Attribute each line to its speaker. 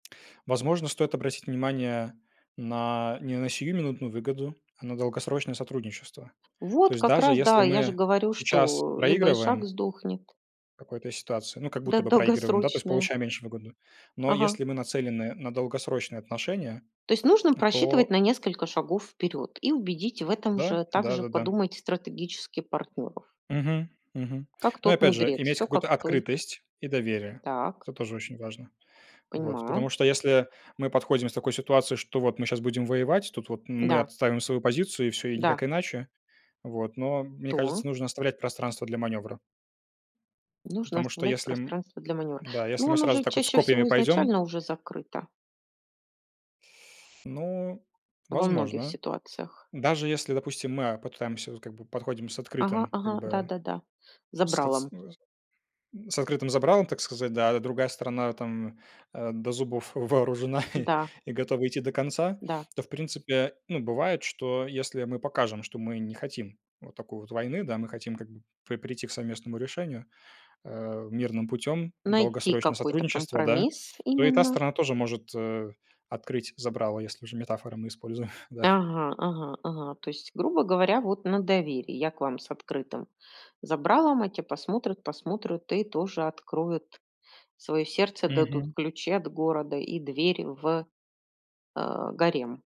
Speaker 1: Возможно, стоит обратить внимание на не на сиюминутную выгоду, а на долгосрочное сотрудничество. То
Speaker 2: Вот
Speaker 1: есть
Speaker 2: как
Speaker 1: даже
Speaker 2: раз,
Speaker 1: если
Speaker 2: да, я же
Speaker 1: мы
Speaker 2: говорю,
Speaker 1: сейчас
Speaker 2: что либо ишак
Speaker 1: проигрываем
Speaker 2: сдохнет.
Speaker 1: в какой-то ситуации, ну, как будто
Speaker 2: Да,
Speaker 1: бы проигрываем, да, то есть
Speaker 2: долгосрочная.
Speaker 1: получаем меньше выгоды. Но
Speaker 2: Ага.
Speaker 1: если мы нацелены на долгосрочные отношения,
Speaker 2: То есть нужно
Speaker 1: н
Speaker 2: просчитывать
Speaker 1: то
Speaker 2: на несколько шагов вперёд и убедить в этом
Speaker 1: Да!
Speaker 2: же также
Speaker 1: Да-да-да.
Speaker 2: подумать стратегически партнёров.
Speaker 1: Мгм, мгм.
Speaker 2: Как
Speaker 1: Но,
Speaker 2: тот
Speaker 1: опять же,
Speaker 2: мудрец,
Speaker 1: иметь
Speaker 2: всё как
Speaker 1: какую-то
Speaker 2: в той
Speaker 1: открытость и доверие-
Speaker 2: Так.
Speaker 1: это тоже очень важно. Вот, потому
Speaker 2: Понимаю.
Speaker 1: что, если мы подходим с такой ситуации, что вот мы щас будем воевать, тут вот мы
Speaker 2: Да.
Speaker 1: отстаиваем свою позицию, и всё, и
Speaker 2: Да.
Speaker 1: никак иначе. Вот. Но мне
Speaker 2: То.
Speaker 1: кажется, нужно оставлять пространство для манёвра.
Speaker 2: Нужно
Speaker 1: Потому что
Speaker 2: оставлять
Speaker 1: если м,
Speaker 2: пространство для манёвра.
Speaker 1: да, если
Speaker 2: Но
Speaker 1: мы
Speaker 2: оно же
Speaker 1: сразу с
Speaker 2: чаще
Speaker 1: копьями
Speaker 2: всего
Speaker 1: пойдём
Speaker 2: изначально уже закрыто.
Speaker 1: Ну,
Speaker 2: Во многих
Speaker 1: возможно.
Speaker 2: ситуациях.
Speaker 1: Даже если, допустим, мы, а, попытаемся, вот, как бы, подходим с
Speaker 2: Ага,
Speaker 1: открытым, как
Speaker 2: ага,
Speaker 1: бы
Speaker 2: да-да-да,
Speaker 1: с кыт с
Speaker 2: забралом.
Speaker 1: ны зым с открытым забралом, так сказать, да, это другая сторона, там, до, э, зубов вооружена и
Speaker 2: Да.
Speaker 1: и готова идти до конца,
Speaker 2: Да.
Speaker 1: то, в принципе, ну, бывает, что, если мы покажем, что мы не хотим вот такой вот войны, да, мы хотим, как бы, при прийти к совместному решению, э, мирным путем,
Speaker 2: Найти
Speaker 1: долгосрочное
Speaker 2: какой-то
Speaker 1: сотрудничество, да,
Speaker 2: компромисс
Speaker 1: то и та
Speaker 2: именно.
Speaker 1: сторона тоже может, э, открыть забрало, если уже метафоры мы используем. Да.
Speaker 2: Ага, ага, ага. То есть, грубо говоря, вот на доверии. Я к вам с открытым забралом, а те посмотрят, посмотрют и тоже откроют своё сердце, дадут
Speaker 1: Мгм.
Speaker 2: ключи от города и дверь в, а, гарем.